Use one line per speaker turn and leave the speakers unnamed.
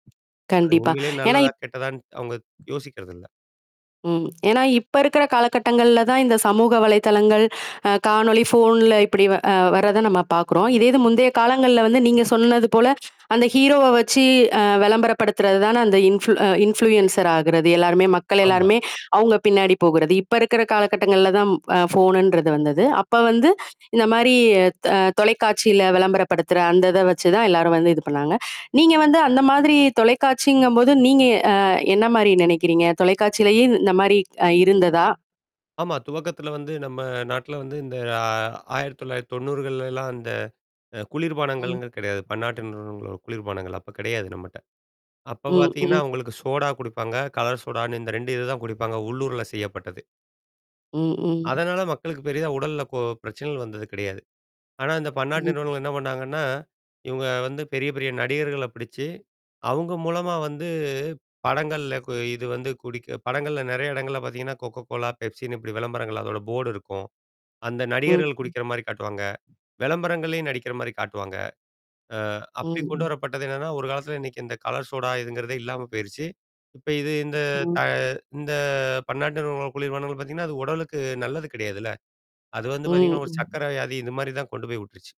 அது
கண்டிப்பா.
உண்மையிலே
ஏன்னா
நல்லதா,
இப்
கெட்டதான்னு அவுங்க யோசிக்கறது இல்ல.
ம். ஏன்னா, இப்ப இருக்கிற காலகட்டங்கள்ல தான், இந்த சமூக வலைத்தளங்கள், அ காணொலி, ஃபோன்ல இப்படி அ வர்றதை நம்ம பாக்குறோம். இதேது
ம்.
முந்தைய காலங்கள்ல வந்து, நீங்க சொன்னது போல, அந்த ஹீரோவ வச்சு அ விளம்பரப்படுத்துறது தானே, அந்த இன்ஃபுல் அ இன்ஃப்ளுயன்ஸர் ஆகுறது? எல்லாருமே மக்கள்
ஆமா.
எல்லாருமே அவுங்க பின்னாடி போகுறது. இப்ப இருக்குற காலகட்டங்கள்ல தான், அ ஃபோனுன்றது வந்தது. அப்ப வந்து, இந்த மாரி தா தொலைக்காட்சியில விளம்பரப்படுத்துற, அந்தத வச்சு தான் எல்லாரும் வந்து இது பண்ணாங்க. நீங்க வந்து அந்த மாதிரி தொலைக்காட்சிங்கம்போது, நீங்க அ என்னா மாரி நெனைக்கிறீங்க? தொலைக்காட்சியிலயும் இந்த மாரி ஆ இருந்ததா?
ஆமா, துவக்கத்துல வந்து நம்ம நாட்டுல வந்து, இந்த ஆ 1990கள்ல எல்லாம் அந்த அ குளிர்பானங்கள்
ம்.
கிடையாது. பன்னாட்டு நிறுவனங்களோட குளிர்பானங்கள் அப்பக் கிடையாது நம்மட்ட. அப்பப்
ம்,
பாத்தீங்கன்னா,
ம்.
உங்களுக்கு சோடா குடிப்பாங்க. கலர் சோடான்னு இந்த 2 இது தான் குடிப்பாங்க. உள்ளூர்ல செய்யப்பட்டது.
ம், ம்.
அதனால மக்களுக்குப் பெரிதா உடல்ல கொ பிரச்சனைகள் வந்தது கிடையாது. ஆனா, அந்தப் பன்னாட்டு
ம்.
நிறுவனங்கள் என்னா பண்ணாங்கன்னா, இவுங்க வந்து பெரிய பெரிய நடிகர்களப் பிடிச்சு, அவுங்க மூலமா வந்து, படங்கள்ல கு இது வந்து குடிக்க படங்கள்ல நெறையா இடங்கள்ல பாத்தீங்கன்னா, கொக்கோ கோலா, பெப்சின்னு இப்படி விளம்பரங்கள் அதோட போர்டு இருக்கும். அந்த
ம்,
நடிகர்கள்
ம்.
குடிக்கிற மாரி காட்டுவாங்க. விளம்பரங்கள்லயே நடிக்கிற மாரி காட்டுவாங்க. அ
ம்,
அப்படி
ம்.
கொண்டுவரப்பட்டது என்னான்னா, ஒரு காலத்துல இன்னைக்கு இந்த கலர் சோடா இதுங்கிறதே இல்லாம போயிருச்சு. இப்ப இது இந்த தா
ம்.
இந்த பன்னாட்டு நிறுவனங்கள் குளிர்பானங்கள் பாத்தீங்கன்னா, அது உடலுக்கு நல்லது கிடையாதுல்ல. அது வந்து
ம்,
பாத்தீங்கன்னா, ஒரு
ம்.
சக்கரை வியாதி, இந்த மாரி தான் கொண்டு போய் விட்டுருச்சு.